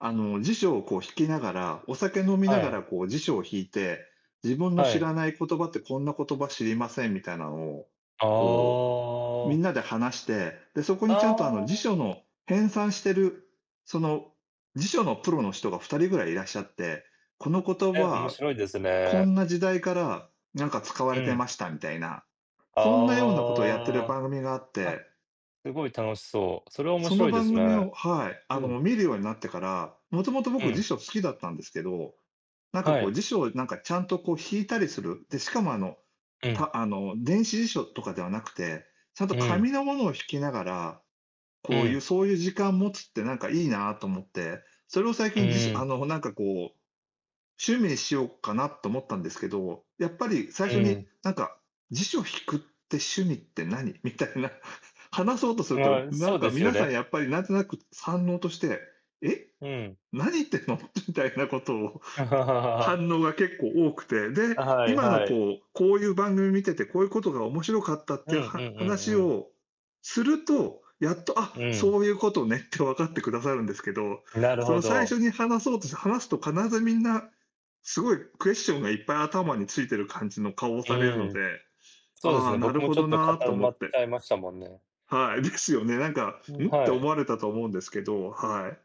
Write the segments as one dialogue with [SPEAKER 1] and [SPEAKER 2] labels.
[SPEAKER 1] あの、辞書をこう、引きながら、お酒飲みな
[SPEAKER 2] は
[SPEAKER 1] が
[SPEAKER 2] い。
[SPEAKER 1] らこう、辞書を引いて、自分の
[SPEAKER 2] は
[SPEAKER 1] 知
[SPEAKER 2] い。
[SPEAKER 1] らない言葉って、こんな言葉知りませんみたいなのを、
[SPEAKER 2] あ
[SPEAKER 1] こう、
[SPEAKER 2] あ。
[SPEAKER 1] 皆で話して、で、そこ
[SPEAKER 2] あ
[SPEAKER 1] にちゃんと、あの、辞
[SPEAKER 2] あ。
[SPEAKER 1] 書の編纂してる、その、辞書のプロの人が2人位いらっしゃって、この言葉
[SPEAKER 2] え、面
[SPEAKER 1] は、
[SPEAKER 2] 白いです
[SPEAKER 1] こ
[SPEAKER 2] ね。
[SPEAKER 1] んな時代から、何か、使わ
[SPEAKER 2] う
[SPEAKER 1] れて
[SPEAKER 2] ん。
[SPEAKER 1] ましたみたいな、そんなようなことをやっている
[SPEAKER 2] あ
[SPEAKER 1] 番組があっ
[SPEAKER 2] あ、あ、
[SPEAKER 1] て。
[SPEAKER 2] 凄い楽しそう、それは面
[SPEAKER 1] その
[SPEAKER 2] 白いで
[SPEAKER 1] 番
[SPEAKER 2] す
[SPEAKER 1] 組
[SPEAKER 2] ね、
[SPEAKER 1] をはい。あ
[SPEAKER 2] う
[SPEAKER 1] の、
[SPEAKER 2] ん。
[SPEAKER 1] 見るようになってから、元々
[SPEAKER 2] う
[SPEAKER 1] 僕辞
[SPEAKER 2] ん。
[SPEAKER 1] 書好きだったんですけど、何か
[SPEAKER 2] は
[SPEAKER 1] こう、
[SPEAKER 2] い。
[SPEAKER 1] 辞書を何か、ちゃんとこう、引いたりする、で、しかも、あの、
[SPEAKER 2] うん。
[SPEAKER 1] たあの、電子辞書とかではなくて、ちゃんと
[SPEAKER 2] うん。
[SPEAKER 1] 紙の物を引きながら、
[SPEAKER 2] う
[SPEAKER 1] こうい
[SPEAKER 2] ん。
[SPEAKER 1] うそういう時間を持つって何か良いなと思って、それを最
[SPEAKER 2] う
[SPEAKER 1] 近じし
[SPEAKER 2] ー
[SPEAKER 1] あ
[SPEAKER 2] ん。
[SPEAKER 1] の、何かこう、趣味にしようかなと思ったんですけど、やっぱり、最
[SPEAKER 2] う
[SPEAKER 1] 初に
[SPEAKER 2] ん。
[SPEAKER 1] 何か、辞書引くって趣味って何？みたいな、話そうとすると、
[SPEAKER 2] ああ、
[SPEAKER 1] 何
[SPEAKER 2] そう
[SPEAKER 1] か
[SPEAKER 2] ですよ
[SPEAKER 1] 皆さん、
[SPEAKER 2] ね。
[SPEAKER 1] やっぱり何となく反応として、「え？
[SPEAKER 2] うん。
[SPEAKER 1] 何言ってんの？」みたいなことを、反応が結構多くて。で、
[SPEAKER 2] あ、はい
[SPEAKER 1] 今の
[SPEAKER 2] はい。
[SPEAKER 1] こう、こういう番組見てて、こういうことが面白かったっ
[SPEAKER 2] う
[SPEAKER 1] て
[SPEAKER 2] ん
[SPEAKER 1] い
[SPEAKER 2] う
[SPEAKER 1] うは
[SPEAKER 2] んうんう
[SPEAKER 1] 話
[SPEAKER 2] ん。
[SPEAKER 1] をすると、やっと、「あ、
[SPEAKER 2] うん。
[SPEAKER 1] そういうことね」って分かって下さるんですけど、
[SPEAKER 2] なる
[SPEAKER 1] そ
[SPEAKER 2] ほ
[SPEAKER 1] の最
[SPEAKER 2] ど。
[SPEAKER 1] 初に話そうとして話すと、必ず皆凄いクエスチョンがいっぱい頭に付いてる感じの顔を
[SPEAKER 2] う
[SPEAKER 1] されるの
[SPEAKER 2] ん、
[SPEAKER 1] で、
[SPEAKER 2] そうです
[SPEAKER 1] あ、
[SPEAKER 2] ね、
[SPEAKER 1] な
[SPEAKER 2] 僕
[SPEAKER 1] る
[SPEAKER 2] も
[SPEAKER 1] ほ
[SPEAKER 2] ちょ
[SPEAKER 1] ど
[SPEAKER 2] っと、
[SPEAKER 1] な、と
[SPEAKER 2] 固
[SPEAKER 1] 思
[SPEAKER 2] ま
[SPEAKER 1] っ
[SPEAKER 2] っ
[SPEAKER 1] て。
[SPEAKER 2] ちゃいましたもんね。
[SPEAKER 1] はい。ですよね。何か、
[SPEAKER 2] ん。
[SPEAKER 1] ん？って
[SPEAKER 2] は
[SPEAKER 1] 思
[SPEAKER 2] い。
[SPEAKER 1] われたと思うんですけど、はい。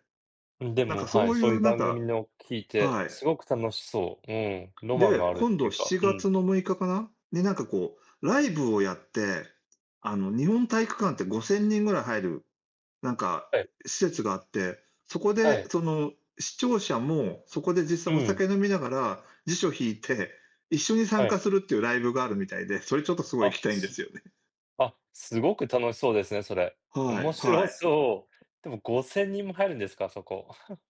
[SPEAKER 2] うん、で
[SPEAKER 1] 何
[SPEAKER 2] も、
[SPEAKER 1] か、
[SPEAKER 2] は
[SPEAKER 1] そ
[SPEAKER 2] い、
[SPEAKER 1] うい
[SPEAKER 2] そうい
[SPEAKER 1] う
[SPEAKER 2] う
[SPEAKER 1] 何
[SPEAKER 2] 番組
[SPEAKER 1] か
[SPEAKER 2] の聞いて、
[SPEAKER 1] はい。
[SPEAKER 2] 凄く楽しそう、うん、ロマン
[SPEAKER 1] で、
[SPEAKER 2] があるって
[SPEAKER 1] 今度、
[SPEAKER 2] 言う
[SPEAKER 1] し
[SPEAKER 2] か、
[SPEAKER 1] ち
[SPEAKER 2] う
[SPEAKER 1] が
[SPEAKER 2] ん。
[SPEAKER 1] つの6日かな？に、何かこう、ライブをやって、あの、日本体育館って5000人位入る、何か、
[SPEAKER 2] はい。
[SPEAKER 1] 施設があって、そこ
[SPEAKER 2] は
[SPEAKER 1] で、
[SPEAKER 2] い。
[SPEAKER 1] その、視聴者もそこで、実際
[SPEAKER 2] う
[SPEAKER 1] お
[SPEAKER 2] ん。
[SPEAKER 1] 酒飲みながら辞書引いて一緒に参
[SPEAKER 2] は
[SPEAKER 1] 加
[SPEAKER 2] い。
[SPEAKER 1] するっていうライブがあるみたいで、それちょっと、凄い行き
[SPEAKER 2] あ、
[SPEAKER 1] たいんで
[SPEAKER 2] す
[SPEAKER 1] すよね。
[SPEAKER 2] あ、凄く楽しそうですね、それ。
[SPEAKER 1] は
[SPEAKER 2] 面
[SPEAKER 1] い、は
[SPEAKER 2] 白
[SPEAKER 1] い。
[SPEAKER 2] そう。でも、5000人も入るんですか？あそこ。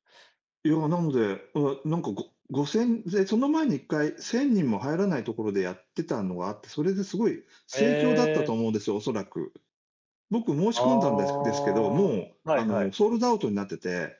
[SPEAKER 1] いや、なので、な何か、ご5000で、その前に、1回1000人も入らない所でやってたのがあって、それで凄い
[SPEAKER 2] へ
[SPEAKER 1] 盛況だったと
[SPEAKER 2] え。
[SPEAKER 1] 思うんですよ、恐らく。僕申し
[SPEAKER 2] あ
[SPEAKER 1] 込んだんですですけど、も
[SPEAKER 2] あ、は
[SPEAKER 1] う、あ
[SPEAKER 2] いは
[SPEAKER 1] の、
[SPEAKER 2] い。
[SPEAKER 1] ソールドアウトになってて。